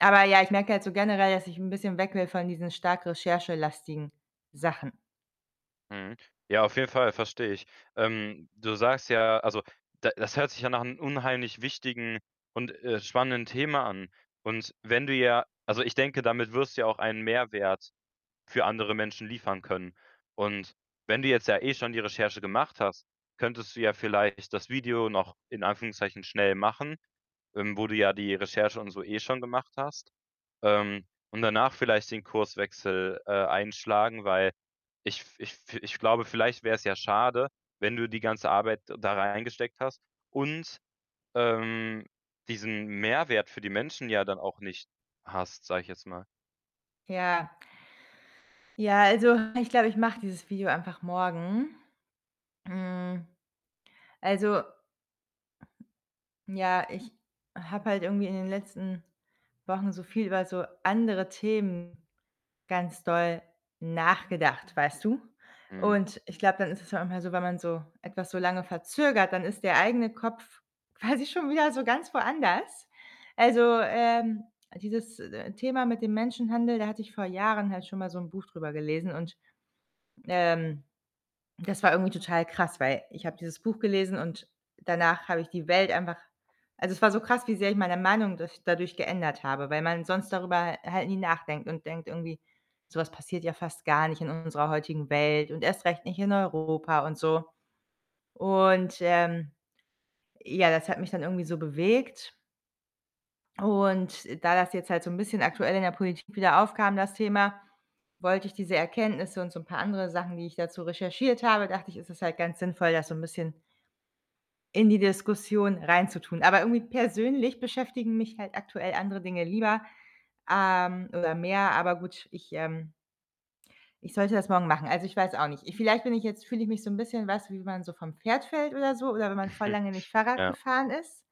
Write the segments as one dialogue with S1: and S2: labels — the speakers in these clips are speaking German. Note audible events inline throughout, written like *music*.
S1: Aber ja, ich merke halt so generell, dass ich 'n bisschen weg will von diesen stark recherchelastigen Sachen.
S2: Mhm. Ja, auf jeden Fall verstehe ich. Ähm, du sagst ja also, da das hört sich ja nach 'nem unheimlich wichtigen und, äh, spannenden Thema an und wenn du ja also, ich denke, damit wirst du ja auch einen Mehrwert für andere Menschen liefern können und wenn du jetzt ja eh schon die Recherche gemacht hast, könntest du ja vielleicht das Video noch in Anführungszeichen schnell machen, ähm, wo du ja die Recherche und so eh schon gemacht hast, ähm, und danach vielleicht den Kurswechsel, äh, einschlagen. Weil ich f ich fi ich glaube, vielleicht wäre es ja schade, wenn du die ganze Arbeit da reingesteckt hast und, ähm, diesen Mehrwert für die Menschen ja dann auch nicht hast, sage ich jetzt mal.
S1: Ja. Ja, also, ich glaube, ich mache dieses Video einfach morgen. Hm, also ja, ich habe halt irgendwie in den letzten Wochen so viel über so andere Themen ganz doll nachgedacht, weißt du?
S2: Mhm.
S1: Und ich glaube, dann ist es einfach mal so wenn man so etwas so lange verzögert, dann ist der eigene Kopf quasi schon wieder so ganz woanders. Also, ähm, dieses, äh, d Thema mit dem Menschenhandel, da hatte ich vor Jahren halt schon mal so 'n Buch drüber gelesen und, ähm, das war irgendwie total krass, weil ich habe dieses Buch gelesen und danach habe ich die Welt einfach also, es war so krass, wie sehr ich meine Meinung durch dadurch geändert habe, weil man sonst darüber ha halt nie nachdenkt und denkt irgendwie: „Sowas passiert ja fast gar nicht in unserer heutigen Welt und erst recht nicht in Europa“ und so und, ähm, ja, das hat mich dann irgendwie so bewegt und da das jetzt halt so 'n bisschen aktuell in der Politik wieder aufkam, das Thema, wollte ich diese Erkenntnisse und so 'n paar andere Sachen, die ich dazu recherchiert habe dachte ich, ist es halt ganz sinnvoll, das so 'n bisschen in die Diskussion reinzutun. Aber irgendwie persönlich beschäftigen mich halt aktuell andere Dinge lieber, ähm oder mehr. Aber gut, ich, ähm ...ich sollte das morgen machen. Also, ich weiß auch nicht. Ich vielleicht bin ich jetzt fühle ich mich so 'n bisschen, weißt du, wie wenn man so vom Pferd fällt oder so oder wenn man voll
S2: *chuckles*
S1: lange nicht Fahrrad
S2: Ja.
S1: gefahren ist,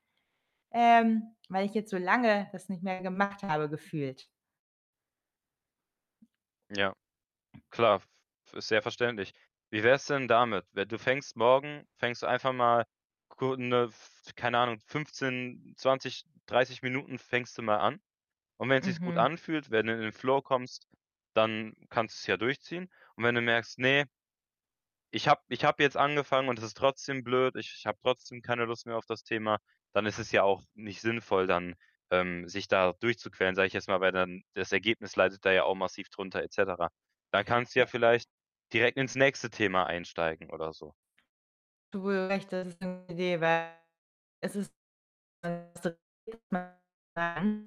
S1: ähm, weil ich jetzt so lange das nicht mehr gemacht habe gefühlt.
S2: Ja klar v ist sehr verständlich. Wie wär's denn damit? We du fängst morgen fängst du einfach mal ku 'ne, f keine Ahnung, 15, 20, 30 Minuten fängst du mal an und wenn's sich gut
S1: Mhm.
S2: anfühlt, wenn du in den Flow kommst, dann kannst du es ja durchziehen und wenn du merkst: „Ne“ „ich habe ich habe jetzt angefangen und es ist trotzdem blöd, ich habe trotzdem keine Lust mehr auf das Thema“, dann ist es ja auch nicht sinnvoll dann, ähm, sich da durchzuquälen, sage ich jetzt mal, weil dann das Ergebnis leidet da ja auch massiv drunter et cetera. Dann kannst du
S1: Ja.
S2: ja vielleicht direkt ins nächste Thema einsteigen oder so.
S1: Du wo du recht *unintelligible* das ist 'ne Idee, weil es ist *unintelligible*